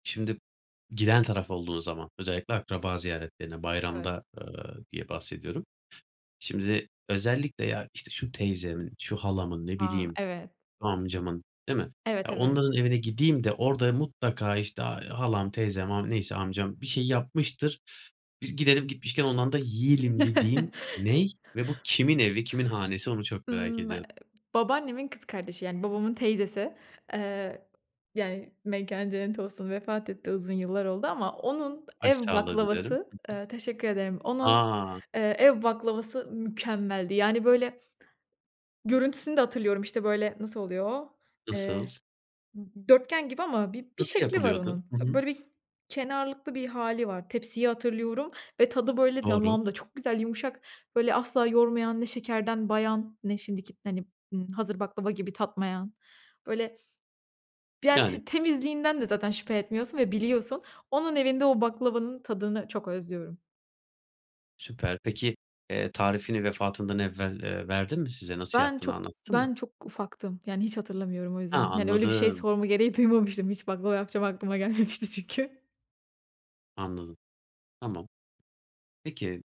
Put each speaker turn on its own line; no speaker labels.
Şimdi, giden taraf olduğu zaman, özellikle akraba ziyaretlerine,
Evet.
bayramda, eee, diye bahsediyorum. Şimdi, özellikle ya, işte şu teyzemin, şu halamın, ne
A,
bileyim,
evet.
amcamın, değil mi?
Evet,
Ya,
evet.
onların evine gideyim de, orada mutlaka işte, ay, halam, teyzem, am neyse amcam, bir şey yapmıştır. Biz gidelim, gitmişken ondan da yiyelim, dediğin ne? Ve bu kimin evi, kimin hanesi, onu çok merak
Imm, eee,
ediyorum.
babaannemin kız kardeşi yani, babamın teyzesi, eee, yani; mekânı cennet olsun, vefat etti. Uzun yıllar oldu, ama onun ev
Başsağlığı dilerim.
baklavası,
Hı
eee teşekkür ederim;
hı.
onun
A!
eee, ev baklavası mükemmeldi. Yani, böyle görüntüsünü de hatırlıyorum. İşte, böyle nasıl oluyor o?
Nasıl?
Eee, d dörtgen gibi ama bi bir
Nasıl
şekli var
yapılıyordu?
onun.
Hı hı.
Böyle bir, kenarlıklı bir hâli var. Tepsiyi hatırlıyorum ve tadı böyle
Doğru.
damağımda, çok güzel, yumuşak, böyle asla yormayan, ne şekerden bayan, ne şimdiki hani; ımm, hazır baklava gibi, tatmayan. Böyle ya,
Yani.
te temizliğinden de zaten şüphe etmiyorsun ve biliyorsun. Onun evinde, o baklavanın tadını, çok özlüyorum.
Süper. Peki, eee, tarifini vefatından evvel, eee, verdi mi, size? Nasıl
Ben
yaptığını
çok
anlattı mı?
ben çok ufaktım. Yani, hiç hatırlamıyorum o
Ha,
yüzden. Yani, öyle bir şey
anladım.
sorma gereği duymamıştım hiç, baklava yapacağım aklıma gelmemişti çünkü.
Anladım. Tamam. Peki